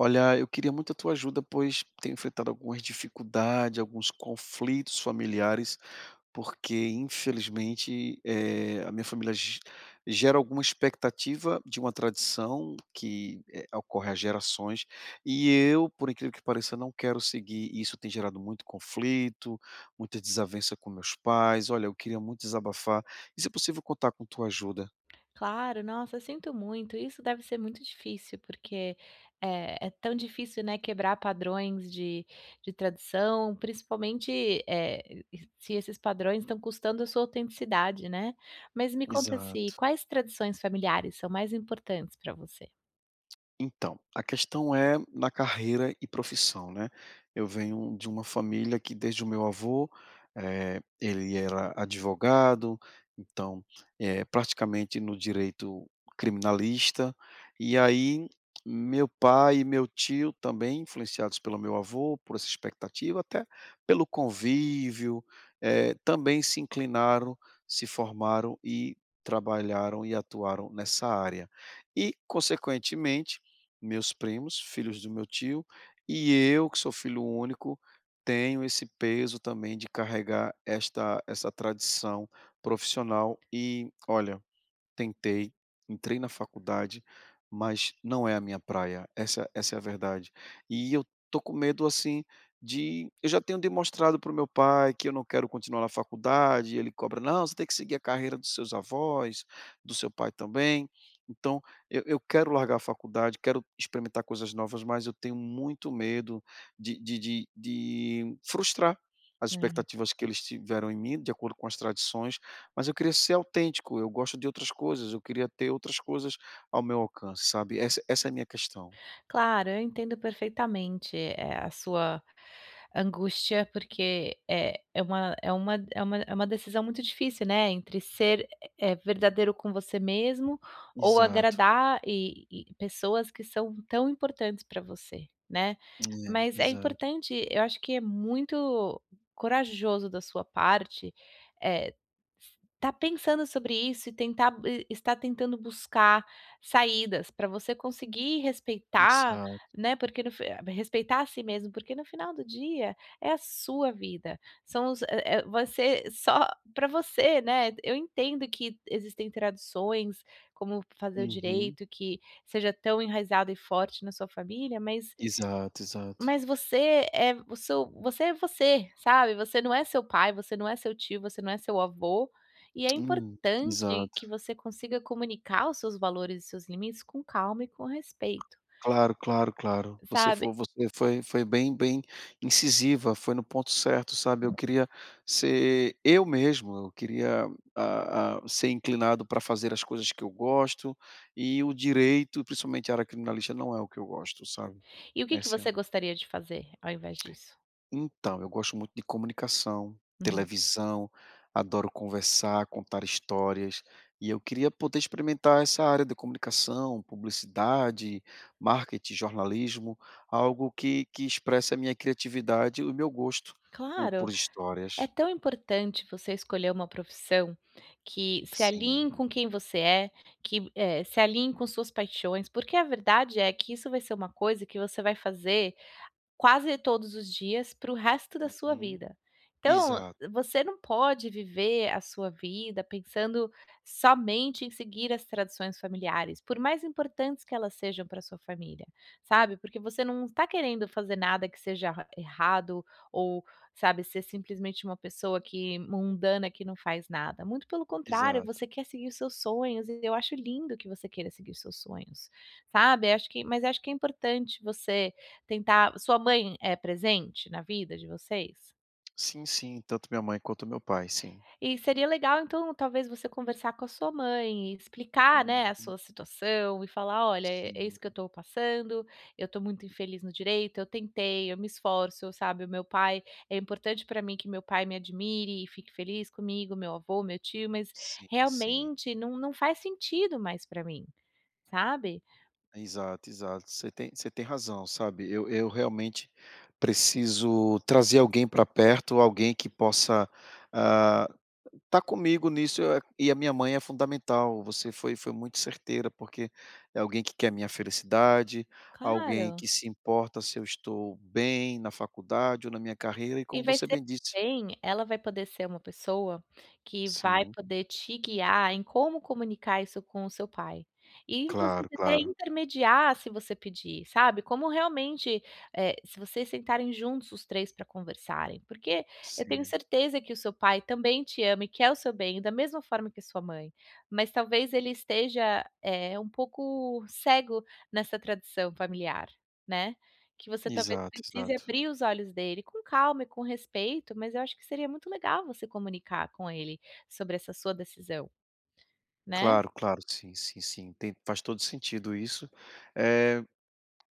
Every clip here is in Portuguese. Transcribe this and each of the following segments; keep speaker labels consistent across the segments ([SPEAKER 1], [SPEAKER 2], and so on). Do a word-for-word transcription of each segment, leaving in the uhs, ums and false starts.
[SPEAKER 1] Olha, eu queria muito a tua ajuda, pois tenho enfrentado algumas dificuldade, alguns conflitos familiares, porque infelizmente, eh, a minha família ge gera alguma expectativa de uma tradição que, eh, ocorre há gerações, e eu, por incrível que pareça, não quero seguir, e isso tem gerado muito conflito, muita desavença com meus pais. Olha, eu queria muito desabafar, e se possível contar com a tua ajuda.
[SPEAKER 2] Claro, nossa, sinto muito, isso deve ser muito difícil porque, eh, é tão difícil, né, quebrar padrões de de tradição, principalmente, eh, e se esses padrões estão custando a sua autenticidade, né. Mas me conta se
[SPEAKER 1] Exato.
[SPEAKER 2] quais tradições familiares são mais importantes pra você?
[SPEAKER 1] Então, a questão é na carreira e profissão, né. Eu venho de uma família que desde o meu avô eh, ele era advogado, então, eh, praticamente no direito criminalista e aí meu pai e meu tio, também influenciados pelo meu avô, por essa expectativa, até pelo convívio, eh, também se inclinaram, se formaram e trabalharam e atuaram nessa área. E, consequentemente, meus primos, filhos do meu tio, e eu que sou filho único, tenho esse peso também de carregar esta essa tradição profissional e, olha, tentei, entrei na faculdade, mas não é a minha praia, essa essa é a verdade. E eu estou com medo assim de eu já tenho demonstrado pro meu pai que eu não quero continuar na faculdade e ele cobra: "Não, você tem que seguir a carreira dos seus avós, do seu pai também". Então, eu eu quero largar a faculdade, quero experimentar coisas novas, mas eu tenho muito medo de de de de frustrar as
[SPEAKER 2] É.
[SPEAKER 1] expectativas que eles tiveram em mim, de acordo com as tradições, mas eu queria ser autêntico, eu gosto de outras coisas, eu queria ter outras coisas ao meu alcance, sabe, essa essa é a minha questão.
[SPEAKER 2] Claro, eu entendo perfeitamente, eh, a sua angústia porque, eh, é uma é uma é uma é uma decisão muito difícil, né, entre ser, eh, verdadeiro com você mesmo, ou
[SPEAKER 1] Exato.
[SPEAKER 2] agradar e e pessoas que são tão importantes pra você, né.
[SPEAKER 1] É,
[SPEAKER 2] Mas é
[SPEAKER 1] exato.
[SPEAKER 2] importante eu acho que é muito corajoso da sua parte, eh, estar pensando sobre isso e tentar e estar tentando buscar saídas pra você conseguir respeitar,
[SPEAKER 1] Exato.
[SPEAKER 2] né, porque no fin respeitar a si mesmo, porque no final do dia, é a sua vida, são os eh eh, vai ser só pra você, né. Eu entendo que existem tradições, como fazer o
[SPEAKER 1] Uhum.
[SPEAKER 2] direito, que seja tão enraizada e forte na sua família, mas
[SPEAKER 1] Exato, exato.
[SPEAKER 2] mas você é o seu você é você, sabe? Você não é seu pai, você não é seu tio, você não é seu avô, e é
[SPEAKER 1] Hum,
[SPEAKER 2] importante que
[SPEAKER 1] exato.
[SPEAKER 2] você consiga comunicar os seus valores e seus limites com calma e com respeito.
[SPEAKER 1] Claro, claro, claro. Você
[SPEAKER 2] Sabe
[SPEAKER 1] fo você foi foi bem bem incisiva, foi no ponto certo, sabe. Eu queria ser eu mesmo, eu queria, hã hã, ser inclinado pra fazer as coisas que eu gosto. E o direito, e principalmente a área criminalista, não é o que eu gosto, sabe,
[SPEAKER 2] E o que que
[SPEAKER 1] essa é a
[SPEAKER 2] você gostaria de fazer, ao invés disso?
[SPEAKER 1] Então, eu gosto muito de comunicação,
[SPEAKER 2] Hum.
[SPEAKER 1] televisão, adoro conversar, contar histórias, e eu queria poder experimentar essa área de comunicação, publicidade, marketing, jornalismo, algo que que expressa a minha criatividade e o meu gosto por por
[SPEAKER 2] Claro. É
[SPEAKER 1] histórias.
[SPEAKER 2] tão importante você escolher uma profissão que se
[SPEAKER 1] Sim.
[SPEAKER 2] alinhe com quem você é, que, eh, se alinhe com suas paixões, porque a verdade é que isso vai ser uma coisa que você vai fazer quase todos os dias, pro resto da sua
[SPEAKER 1] Uhum.
[SPEAKER 2] vida. Então,
[SPEAKER 1] Exato.
[SPEAKER 2] você não pode viver a sua vida pensando somente em seguir as tradições familiares, por mais importantes que elas sejam pra sua família, sabe, porque você não está querendo fazer nada que seja ra errado, ou, sabe, ser simplesmente uma pessoa que mundana, que não faz nada, muito pelo contrário,
[SPEAKER 1] Exato.
[SPEAKER 2] você quer seguir os seus sonhos, e eu acho lindo que você queira seguir os seus sonhos, sabe. Acho que mas acho que é importante você tentar sua mãe é presente na vida de vocês?
[SPEAKER 1] Sim, sim, tanto a minha mãe quanto o meu pai, sim.
[SPEAKER 2] E seria legal, então, talvez você conversar com a sua mãe e explicar, né, a
[SPEAKER 1] Uhum.
[SPEAKER 2] sua situação e falar: "Olha, é é
[SPEAKER 1] Sim.
[SPEAKER 2] isso que eu tô passando, eu tô muito infeliz no direito, eu tentei, eu me esforço, sabe, o meu pai é importante pra mim que meu pai me admire e fique feliz comigo, meu avô, meu tio, mas
[SPEAKER 1] Sim, sim.
[SPEAKER 2] realmente não não faz sentido mais pra mim", sabe.
[SPEAKER 1] Exato, exato, você tem você tem razão, sabe, eu eu realmente preciso trazer alguém pra perto, alguém que possa, ah, tá comigo nisso, e a minha mãe é fundamental. Você foi foi muito certeira, porque é alguém que quer a minha felicidade, alguém
[SPEAKER 2] Claro.
[SPEAKER 1] que se importa se eu estou bem na faculdade ou na minha carreira, e
[SPEAKER 2] E
[SPEAKER 1] como
[SPEAKER 2] vai
[SPEAKER 1] você
[SPEAKER 2] ser
[SPEAKER 1] bem disse
[SPEAKER 2] bem, ela vai poder ser uma pessoa que vai
[SPEAKER 1] Sim.
[SPEAKER 2] poder te guiar, em como comunicar isso com o seu pai, e inclusive
[SPEAKER 1] Claro,
[SPEAKER 2] até
[SPEAKER 1] claro.
[SPEAKER 2] intermediar, se você pedir, sabe, como realmente, eh, se vocês sentarem juntos os três pra conversarem, porque eu tenho
[SPEAKER 1] Sim.
[SPEAKER 2] certeza que o seu pai também te ama e quer o seu bem da mesma forma que a sua mãe, mas talvez ele esteja, eh, um pouco cego nessa tradição familiar, né, que você talvez
[SPEAKER 1] Exato,
[SPEAKER 2] precise
[SPEAKER 1] exato.
[SPEAKER 2] abrir os olhos dele, com calma e com respeito, mas eu acho que seria muito legal você comunicar com ele sobre essa sua decisão. Né.
[SPEAKER 1] Claro, claro, sim, sim, sim. Tem, faz todo o sentido isso. Eh,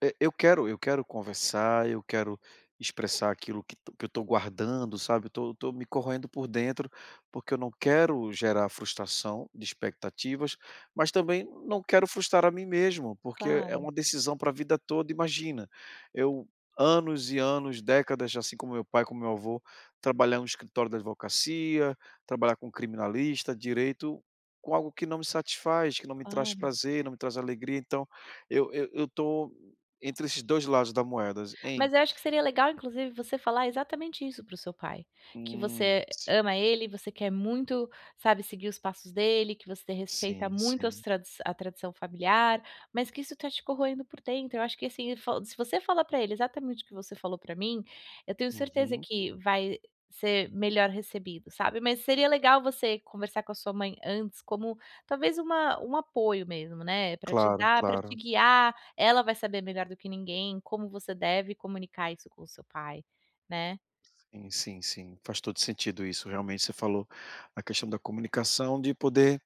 [SPEAKER 1] eu eu quero eu quero conversar, eu quero expressar aquilo que eu tô guardando, sabe, eu tô tô me corroendo por dentro, porque eu não quero gerar frustração de expectativas, mas também não quero frustrar a mim mesmo, porque é é
[SPEAKER 2] Claro.
[SPEAKER 1] uma decisão pra a vida toda. Imagina, eu anos e anos, décadas assim como meu o pai, como meu o avô, trabalhar num escritório da advocacia, trabalhar com criminalista, direito, com algo que não me satisfaz, que não me traz
[SPEAKER 2] Claro.
[SPEAKER 1] prazer, não me traz alegria, então eu eu eu tô entre esses dois lados da moeda, em
[SPEAKER 2] Mas eu acho que seria legal, inclusive, você falar exatamente isso para o seu pai, que
[SPEAKER 1] Hum,
[SPEAKER 2] você
[SPEAKER 1] sim.
[SPEAKER 2] ama ele e você quer muito, sabe, seguir os passos dele, que você respeita
[SPEAKER 1] Sim,
[SPEAKER 2] muito as
[SPEAKER 1] sim.
[SPEAKER 2] tradi a tradição familiar, mas que isso tá te corroendo por dentro, eu acho que assim, fa se você fala pra ele, exatamente o que você falou pra mim, eu tenho certeza
[SPEAKER 1] Uhum.
[SPEAKER 2] que vai ser melhor recebido, sabe. Mas seria legal você conversar com a sua mãe antes, como talvez uma um apoio mesmo, né, pra te
[SPEAKER 1] Claro,
[SPEAKER 2] dar, pra te
[SPEAKER 1] claro.
[SPEAKER 2] guiar, ela vai saber melhor do que ninguém, como você deve comunicar isso com o seu pai, né.
[SPEAKER 1] Sim, sim, sim. Faz todo o sentido isso. Realmente você falou a questão da comunicação, de poder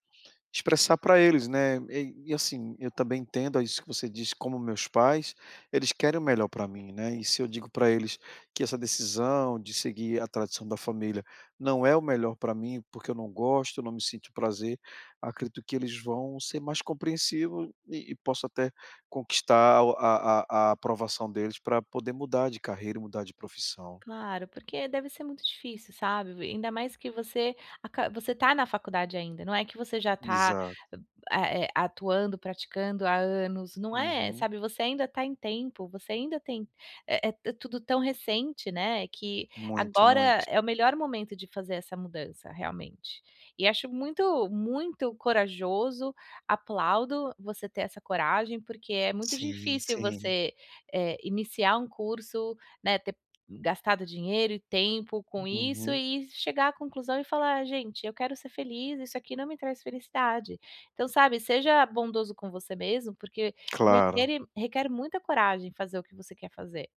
[SPEAKER 1] expressar pra eles, né, eh, e assim, eu também entendo isso que você disse, como o meus pais, eles querem o melhor pra mim, né, e se eu digo pra eles que essa decisão de seguir a tradição da família não é o melhor pra mim, porque eu não gosto, eu não me sinto prazer, acredito que eles vão ser mais compreensivos e e posso até conquistar a a a aprovação deles pra poder mudar de carreira e mudar de profissão.
[SPEAKER 2] Claro, porque deve ser muito difícil, sabe, ainda mais que você aca você tá na faculdade ainda, não é que você já tá,
[SPEAKER 1] Extato.
[SPEAKER 2] é é atuando, praticando há anos, não é,
[SPEAKER 1] Uhum.
[SPEAKER 2] sabe, você ainda tá em tempo, você ainda tem é é tudo tão recente, né, que
[SPEAKER 1] Muito,
[SPEAKER 2] agora
[SPEAKER 1] muito.
[SPEAKER 2] é o melhor momento de fazer essa mudança realmente. E acho muito, muito corajoso, aplaudo você ter essa coragem, porque é muito
[SPEAKER 1] Sim,
[SPEAKER 2] difícil
[SPEAKER 1] sim.
[SPEAKER 2] você, eh, iniciar um curso, né, ter gastado dinheiro e tempo com isso
[SPEAKER 1] Uhum.
[SPEAKER 2] e chegar à conclusão e falar: "Gente eu quero é ser feliz, isso aqui não me traz felicidade". Então, sabe, seja bondoso com você mesmo, porque
[SPEAKER 1] Claro.
[SPEAKER 2] requer requer muita coragem em fazer o que você quer fazer,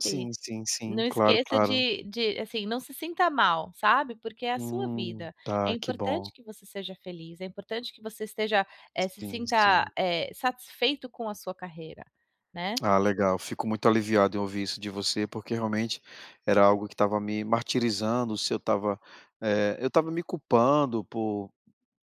[SPEAKER 1] Sim, sim, sim,
[SPEAKER 2] Não
[SPEAKER 1] claro,
[SPEAKER 2] esqueça
[SPEAKER 1] claro.
[SPEAKER 2] de de, assim, não se sinta mal, sabe, porque é a sua
[SPEAKER 1] Hum,
[SPEAKER 2] vida, é
[SPEAKER 1] tá, que
[SPEAKER 2] importante
[SPEAKER 1] bom.
[SPEAKER 2] que você seja feliz, é importante que você esteja, eh, se
[SPEAKER 1] Sim,
[SPEAKER 2] sinta,
[SPEAKER 1] sim.
[SPEAKER 2] eh, satisfeito com a sua carreira, né.
[SPEAKER 1] Ah, legal. Fico muito aliviado em ouvir isso de você, porque realmente era algo que estava me martirizando, se eu estava, eh, eu estava me culpando por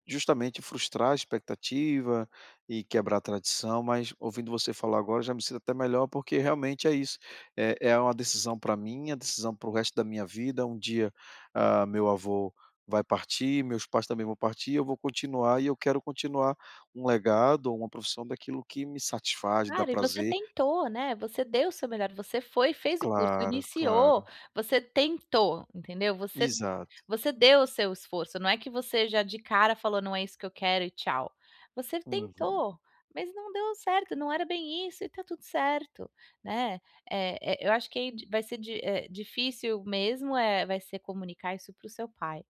[SPEAKER 1] justamente frustrar a expectativa e quebrar a tradição, mas ouvindo você falar agora já me sinto até melhor, porque realmente é isso, é é uma decisão pra mim, é uma decisão para o resto da minha vida, um dia, ah, o meu avô vai partir, meus pais também vão partir, eu vou continuar e eu quero continuar um legado ou uma profissão daquilo que me satisfaz, dá
[SPEAKER 2] Cara, e você
[SPEAKER 1] prazer.
[SPEAKER 2] tentou, né, você deu o seu melhor, você foi, fez o curso,
[SPEAKER 1] Claro,
[SPEAKER 2] iniciou,
[SPEAKER 1] claro.
[SPEAKER 2] você tentou, entendeu? Você
[SPEAKER 1] Exato.
[SPEAKER 2] você deu o seu esforço, não é que você já de cara falou: "Não é isso que eu quero e tchau", você
[SPEAKER 1] Uhum.
[SPEAKER 2] tentou, mas não deu certo, não era bem isso e tá tudo certo, né. Eh eh eu acho que di vai ser di eh, difícil mesmo, eh, vai ser comunicar isso para o seu pai,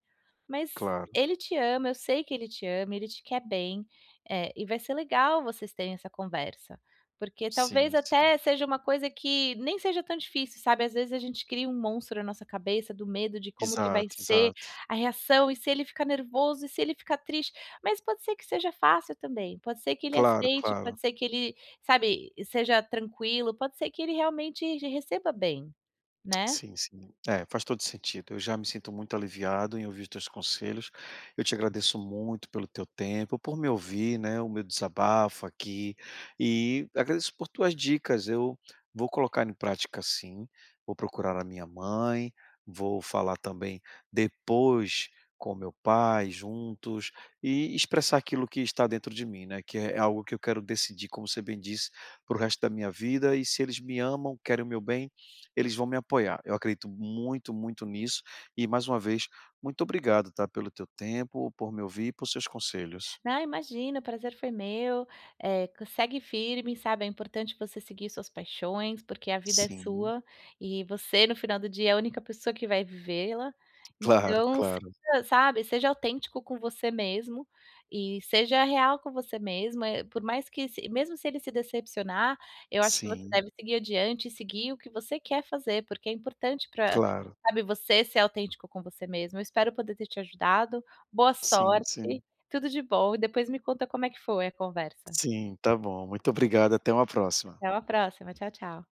[SPEAKER 2] mas
[SPEAKER 1] Claro.
[SPEAKER 2] ele te ama, eu sei que ele te ama, ele te quer bem, eh, e vai ser legal vocês terem essa conversa. Porque talvez
[SPEAKER 1] Sim, sim.
[SPEAKER 2] até seja uma coisa que nem seja tão difícil, sabe, ás vezes a gente cria um monstro na nossa cabeça do medo de como que vai
[SPEAKER 1] Exato,
[SPEAKER 2] ser
[SPEAKER 1] exato.
[SPEAKER 2] a reação, e se ele ficar nervoso e se ele fica triste, mas pode ser que seja fácil também, pode ser que ele
[SPEAKER 1] Claro,
[SPEAKER 2] aceite,
[SPEAKER 1] claro.
[SPEAKER 2] pode ser que ele, sabe, seja tranquilo, pode ser que ele realmente receba bem, né.
[SPEAKER 1] Sim, sim. É, faz todo o sentido, eu já me sinto muito aliviado em ouvir os teus conselhos, eu te agradeço muito pelo teu tempo, por me ouvir, né, o meu desabafo aqui, e agradeço por tuas dicas, eu vou colocar em prática sim, vou procurar a minha mãe, vou falar também depois com o meu pai juntos e expressar aquilo que está dentro de mim, né, que é algo que eu quero decidir, como você bem disse, para o resto da minha vida e se eles me amam, querem o meu bem, eles vão me apoiar. Eu acredito muito, muito nisso, e mais uma vez, muito obrigado, tá, pelo teu tempo, por me ouvir e por seus conselhos.
[SPEAKER 2] Ah, imagina, o prazer foi meu, eh, segue firme, sabe, é importante você seguir suas paixões, porque a vida é
[SPEAKER 1] Sim.
[SPEAKER 2] sua, e você no final do dia é a única pessoa que vai vivê-la.
[SPEAKER 1] Claro,
[SPEAKER 2] Então, [unintelligible]
[SPEAKER 1] claro.
[SPEAKER 2] sabe, seja autêntico com você mesmo, e seja real com você mesmo, eh, por mais que se mesmo se ele se decepcionar, eu acho que você
[SPEAKER 1] Sim.
[SPEAKER 2] deve seguir adiante e seguir o que você quer fazer, porque é importante pra,
[SPEAKER 1] Claro.
[SPEAKER 2] sabe, você ser autêntico com você mesmo, eu espero poder ter te ajudado, boa
[SPEAKER 1] Sim, sim.
[SPEAKER 2] sorte, tudo de bom e depois me conta como é que foi a conversa.
[SPEAKER 1] Sim, tá bom. Muito obrigado, até um próxima.
[SPEAKER 2] Até uma próxima, tchau tchau.